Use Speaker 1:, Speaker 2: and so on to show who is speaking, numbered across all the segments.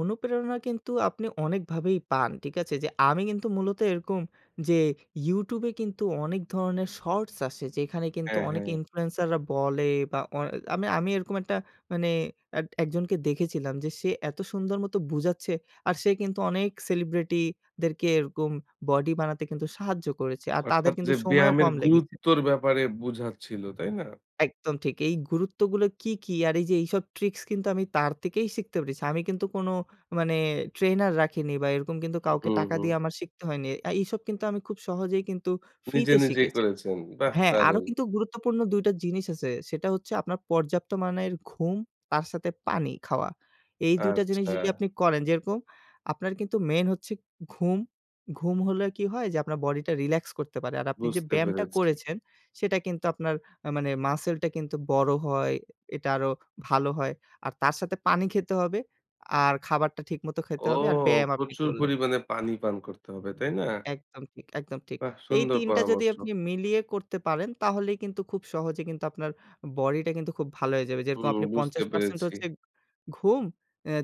Speaker 1: অনুপ্রেরণা কিন্তু আপনি অনেকভাবেই পান। ঠিক আছে? আমি কিন্তু মূলত এরকম যে YouTube এ কিন্তু অনেক ধরণের শর্টস আসে যেখানে কিন্তু
Speaker 2: হ্যাঁ,
Speaker 1: অনেকে
Speaker 2: হ্যাঁ।
Speaker 1: ইনফ্লুয়েন্সাররা বলে বা অ আমি আমি এরকম একটা মানে এত একজনকে দেখেছিলাম যে সে এত সুন্দর মতো বোঝাচ্ছে আর সে কিন্তু অনেক সেলিব্রিটিদেরকে এরকম বডি বানাতে কিন্তু সাহায্য করেছে। আর তাদের
Speaker 2: অর্থাৎ
Speaker 1: কিন্তু
Speaker 2: যে
Speaker 1: সময়ও
Speaker 2: ব্যায়ামের
Speaker 1: কম লেগেছে।
Speaker 2: গুরুত্বর ব্যাপারে বুঝাচ্ছিল, তাই না?
Speaker 1: একদম ঠিক। এই গুরুত্বগুলো কী, কী? আর এই যে এইসব ট্রিকস কিন্তু আমি তার থেকেই শিখতে পেরেছি। আমি কিন্তু কোনো মানে ট্রেনার রাখিনি বা এরকম কিন্তু
Speaker 2: হু,
Speaker 1: কাউকে
Speaker 2: হু,
Speaker 1: টাকা
Speaker 2: হু।
Speaker 1: দিয়ে আমার শিখতে হয়নি। আ এসব কিন্তু আমি খুব সহজেই কিন্তু
Speaker 2: নিজে,
Speaker 1: ফ্রিতে
Speaker 2: নিজেই
Speaker 1: শিখেছি।
Speaker 2: করেছেন। বাহ!
Speaker 1: হ্যাঁ, আরো
Speaker 2: দারুন।
Speaker 1: কিন্তু গুরুত্বপূর্ণ ২ টা জিনিস আছে। সেটা হচ্ছে আপনার পর্যাপ্ত মানের ঘুম, তার সাথে পানি খাওয়া। এই ২ টা জিনিস যদি
Speaker 2: আচ্ছা।
Speaker 1: আপনি করেন যেরকম আপনার কিন্তু মেইন হচ্ছে ঘুম। ঘুম হলে কি হয় যে আপনার বডিটা রিল্যাক্স করতে পারে। আর আপনি যে
Speaker 2: বুঝতে
Speaker 1: ব্যায়ামটা
Speaker 2: পেরেছি।
Speaker 1: করেছেন সেটা কিন্তু আপনার আ মানে মাসলটা কিন্তু বড় হয়। এটা আরো ভালো হয়। আর তার সাথে পানি খেতে হবে। আর খাবারটা ঠিক মতো খেতে
Speaker 2: ও
Speaker 1: হবে। আর ব্যায়াম আপনি
Speaker 2: প্রচুর
Speaker 1: করলেন।
Speaker 2: পরিমাণে পানি পান করতে হবে, তাই না?
Speaker 1: একদম ঠিক, একদম ঠিক।
Speaker 2: বাহ!
Speaker 1: এই
Speaker 2: সুন্দর
Speaker 1: ৩ টা যদি
Speaker 2: পরামর্শ।
Speaker 1: আপনি মিলিয়ে করতে পারেন তাহলেই কিন্তু খুব সহজে কিন্তু আপনার বডিটা কিন্তু খুব ভালো হয়ে যাবে। যেরকম
Speaker 2: হুম
Speaker 1: আপনি
Speaker 2: বুঝতে
Speaker 1: ৫০%
Speaker 2: পেরেছি।
Speaker 1: হচ্ছে ঘুম,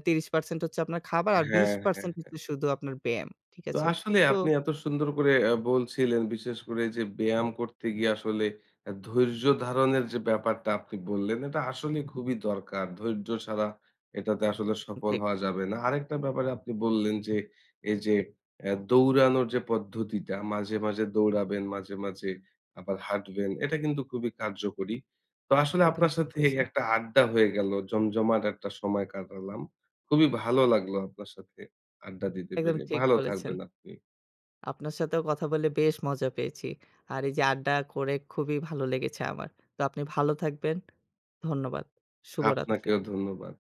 Speaker 1: ৩০% হচ্ছে আপনার খাবার আর বিশ
Speaker 2: হ্যাঁ, হ্যাঁ,
Speaker 1: পার্সেন্ট
Speaker 2: হ্যাঁ।
Speaker 1: হচ্ছে শুধু আপনার ব্যায়াম। ঠিক
Speaker 2: তো
Speaker 1: আছে?
Speaker 2: আসলে
Speaker 1: তো
Speaker 2: আপনি এত সুন্দর করে আ বলছিলেন বিশেষ করে যে ব্যায়াম করতে গিয়ে আসলে আ ধৈর্য ধারণের যে ব্যাপারটা আপনি বললেন এটা আসলে খুবই দরকার। ধৈর্য ছাড়া এটাতে আসলে
Speaker 1: উ
Speaker 2: সফল
Speaker 1: ঠিক।
Speaker 2: হওয়া যাবে না। আরেকটা ব্যাপারে আপনি বললেন যে এই যে আ দৌড়ানোর যে পদ্ধতিটা মাঝে, মাঝে দৌড়াবেন, মাঝে, মাঝে আবার হাঁটবেন। এটা কিন্তু খুবই কার্যকরী। তো আসলে
Speaker 1: একদম
Speaker 2: আপনার
Speaker 1: ঠিক
Speaker 2: সাথে
Speaker 1: বলেছেন।
Speaker 2: একটা আড্ডা হয়ে গেল, জমজমাট একটা সময় কাটালাম। খুবই ভালো লাগলো আপনার সাথে আড্ডা দিতে
Speaker 1: একদম
Speaker 2: পেরে।
Speaker 1: ঠিক
Speaker 2: ভালো
Speaker 1: বলেছেন।
Speaker 2: থাকবেন আপনি।
Speaker 1: আপনার সাথেও কথা বলে বেশ মজা পেয়েছি। আর এই যে আড্ডা করে খুবই ভালো লেগেছে আমার। তো আপনি ভালো থাকবেন। ধন্যবাদ। শুভরাত্রি।
Speaker 2: আপনাকেও ধন্যবাদ।